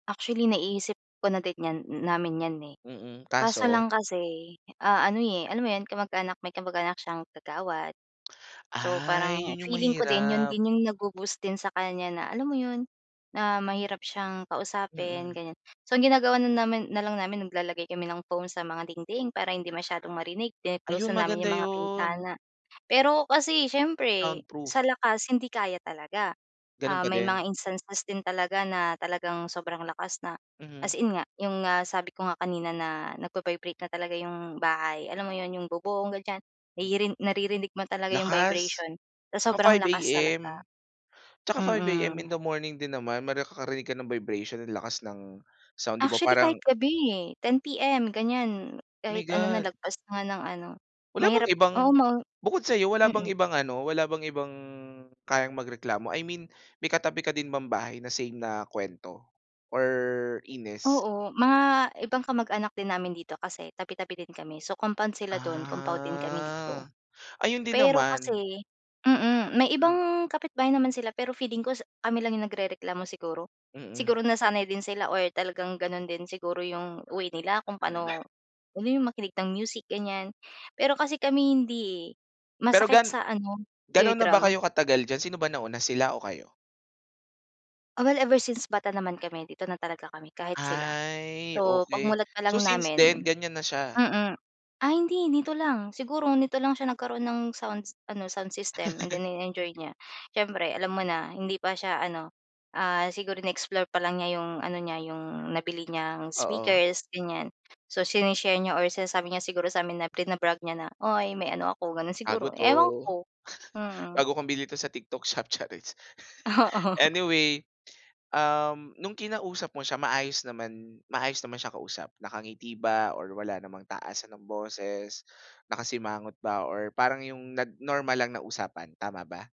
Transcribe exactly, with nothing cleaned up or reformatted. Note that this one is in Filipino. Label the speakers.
Speaker 1: Actually, naiisip ko na din niyan, hmm, namin 'yan, eh.
Speaker 2: Mm,
Speaker 1: Kaso
Speaker 2: kaso?
Speaker 1: lang kasi ano, ah, eh, alam mo 'yon kamag-anak, may kamag-anak siyang kagawad. So,
Speaker 2: Ay!
Speaker 1: parang
Speaker 2: Yun yung
Speaker 1: feeling ko din 'yon
Speaker 2: mahirap.
Speaker 1: din yung nag-bo-boost din sa kanya, na alam mo 'yon? Na mahirap siyang kausapin
Speaker 2: Mm.
Speaker 1: gan'yan. So, ang ginagawa namin, na lang namin naglalagay kami ng foam sa mga dingding para hindi masyadong marinig, then kino-close
Speaker 2: Ayun
Speaker 1: namin
Speaker 2: maganda
Speaker 1: yung mga
Speaker 2: 'yon.
Speaker 1: bintana. Pero kasi siyempre sa
Speaker 2: Soundproof.
Speaker 1: lakas hindi kaya talaga.
Speaker 2: Gano'n
Speaker 1: Ah,
Speaker 2: pa
Speaker 1: may mga
Speaker 2: din?
Speaker 1: instances din talaga na talagang sobrang lakas na as
Speaker 2: Mm.
Speaker 1: in nga yung nga sabi ko nga kanina na nagba-vibrate na talaga yung bahay, alam mo 'yon? Yung bobong gan'yan, nari narinig mo talaga yung
Speaker 2: Lakas!
Speaker 1: vibration sa
Speaker 2: Ah,
Speaker 1: sobrang
Speaker 2: five
Speaker 1: lakas talaga,
Speaker 2: AM? Tsaka five AM in
Speaker 1: mm.
Speaker 2: the morning din naman may ka karinig ka ng vibration lakas ng sound, 'di ba?
Speaker 1: Actually
Speaker 2: Parang
Speaker 1: kahit gabi, eh, ten P-M gan'yan.
Speaker 2: My
Speaker 1: Kahit ano na
Speaker 2: God!
Speaker 1: lagpas nga ng ano.
Speaker 2: Wala bang
Speaker 1: Mahirap
Speaker 2: ibang
Speaker 1: oo ma
Speaker 2: bukod sa'yo wala bang
Speaker 1: mm.
Speaker 2: ibang ano? Wala bang ibang kayang magreklamo? I mean may katabi ka din ba bahay na same na kuwento or inis?
Speaker 1: Oo, mga ibang kamag-anak din namin dito kasi tabi, tabi din kami so compound sila do'n, compound din kami dito.
Speaker 2: Ah, ayun din
Speaker 1: Pero
Speaker 2: naman.
Speaker 1: kasi, mm, may
Speaker 2: Mhm.
Speaker 1: ibang kapitbahay naman sila pero feeling ko kami lang yung nagrereklamo siguro?
Speaker 2: Mm.
Speaker 1: Siguro nasanay din sila or talagang gano'n din siguro yung way nila kung
Speaker 2: Mm,
Speaker 1: paano yung makinig ng music gan'yan. Pero kasi kami hindi, eh.
Speaker 2: Pero
Speaker 1: Masakit
Speaker 2: gan
Speaker 1: sa ano,
Speaker 2: ga'no na ba
Speaker 1: eardrum.
Speaker 2: kayo katagal diyan? Sino ba nauna? Sila o kayo?
Speaker 1: Oh, well ever since bata naman kami dito na talaga kami kahit sila.
Speaker 2: Ay
Speaker 1: So, pag
Speaker 2: okey.
Speaker 1: mulat pa
Speaker 2: So
Speaker 1: lang
Speaker 2: since then
Speaker 1: namin,
Speaker 2: gan'yan na siya?
Speaker 1: mm. Ah, hindi dito lang, siguro nito lang siya nagkaroon ng sound ano sound system and then ini-enjoy niya siyempre alam mo na? Hindi pa siya ano siguro, in-explore pa lang niya 'yong ano niya, 'yong nabili niyang
Speaker 2: Oo.
Speaker 1: speakers gan'yan. So sine-share niya or sinasabi niya siguro sa amin na bina-brag niya na, "Uy may ano ako," gano'n
Speaker 2: Bago
Speaker 1: siguro,
Speaker 2: 'to!
Speaker 1: ewan ko, mm.
Speaker 2: Bago kong bili ito sa TikTok shop, chariz!
Speaker 1: Oo.
Speaker 2: Anyway, um, nung kinausap mo siya maayos naman maayos naman siyang kausap? Nakangiti ba or wala namang taasan ng boses? Nakasimangot ba or parang yung nag normal lang na usapan, tama ba?